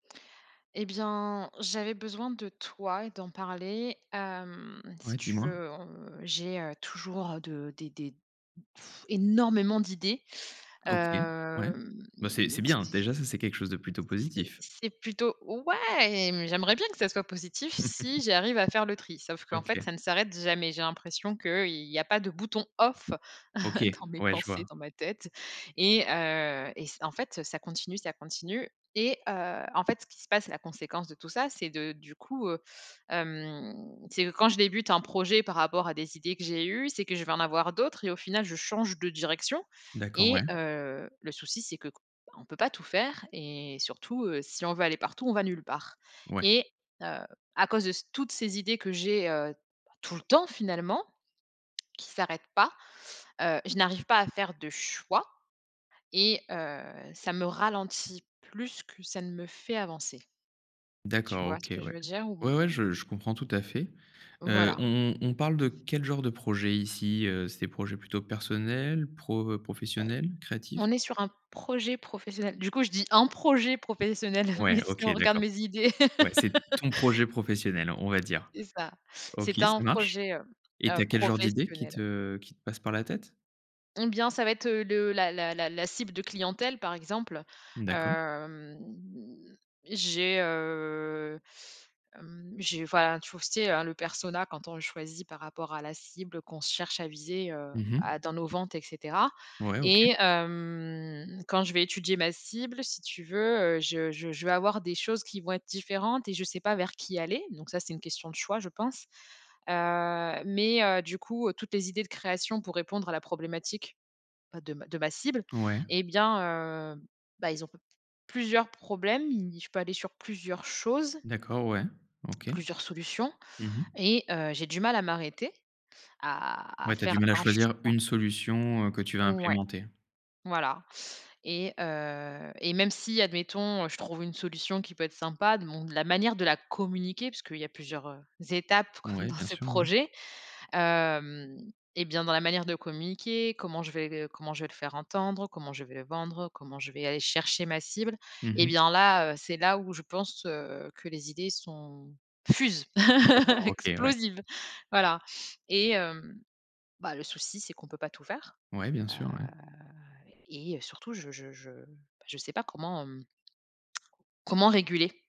Eh bien, j'avais besoin de toi et d'en parler, hem, si Ouais, tu dis-moi? veux, on, heu, j'ai, heu, toujours, de des des énormément, d'idées. OK, ouais. Hem, Bah, c'est c'est t bien, t j déjà, ça c'est quelque chose de plutôt C'est positif. c'est plutôt Ouais, mmh, j'aimerais bien que ça soit positif, si j'arrive à faire le tri. Sauf qu'en fait, OK. ça ne s'arrête jamais. J'ai l'impression qu'il y a pas de bouton off OK, dans mes ouais, je pensées, vois. dans ma tête. Et heu, et c' en fait, heu, ça continue, ça continue. Et, heu, en fait, ce qui se passe, la conséquence de tout ça, c'est de du coup, heu, hem, c'est que quand je débute un projet, par rapport à des idées que j'ai eues, c'est que je vais en avoir d'autres et au final, je change de direction. D'accord, ouais. Et, heu, le souci, c'est qu qu bah on peut pas tout faire et surtout, heu, si on veut aller partout, on va nulle part. Ouais. Et, heu, à cause de ce toutes ces idées que j'ai, heu, bah, tout le temps, finalement, qui s'arrêtent pas, heu, je n'arrive pas à faire de choix et, heu, ça me ralentit plus que ça ne me fait avancer. Tu D'accord, vois OK, ce que je ouais. veux dire? Ouais, ouais, Ou je je comprends tout à fait. Heu, Voilà. on on on parle de quel genre de projet, ici? Heu, c'est des projets plutôt personnels, pro, heu, Pro professionnels, créatifs? on est sur un projet professionnel. Du coup, je dis: «Un projet professionnel», Ouais, mais si OK, on regarde d'accord. mes idées Ouais, c'est ton projet professionnel, on va dire. C'est ça. OK, C'est un ça marche. projet, heu Et tu heu, as quel genre d'idées qui professionnel. te qui te passent par la tête? Eh bien, ça va être, heu, le la la la la cible de clientèle, par exemple. Mmh, d'accord. Hem, j'ai, heu, hem, j'ai, voilà, tu vois tu sais hein, le persona, quand on le choisit par rapport à la cible, qu'on se cherche à viser, heu, Mmh à mh. dans nos ventes, et cetera. Ouais, OK. Et, hem, quand je vais étudier ma cible, si tu veux, heu, je je je vais avoir des choses qui vont être différentes et je sais pas vers qui aller. Donc ça, c'est une question de choix, je pense. Heu, mais, heu, du coup, heu, toutes les idées de création pour répondre à la problématique bah de ma de ma cible, Ouais? eh bien, heu, bah, ils ont pe plusieurs problèmes. Ils je peux aller sur plusieurs choses D'accord, ouais, OK. plusieurs solutions Mmh mh. et, heu, j'ai du mal à m'arrêter, à à Ouais, tu as du faire mal à un choisir, choix. une solution, heu, que tu vas Ouais, implémenter? voilà. Et, heu, et même si, admettons, heu, je trouve une solution, qui peut être sympa, de mon de la manière de la communiquer. Puisqu'il y plusieurs, heu, étapes, comme Ouais, dans bien ce sûr, ouais. projet, hem, et bien, dans la manière de communiquer. Comment je vais q heu, comment je vais le faire entendre? Comment je vais le vendre? Comment je vais aller chercher ma cible? Mmh Et mh. bien là, heu, c'est là, où je pense, heu, que les idées sont fusent, D'accord, OK, ouais. explosives! Voilà. Et, hem, bah, le souci, c'est qu'on peut pas tout faire. Ouais, bien Heu, sûr, ouais. et, heu, surtout, je je je, bah, je sais pas comment comment réguler.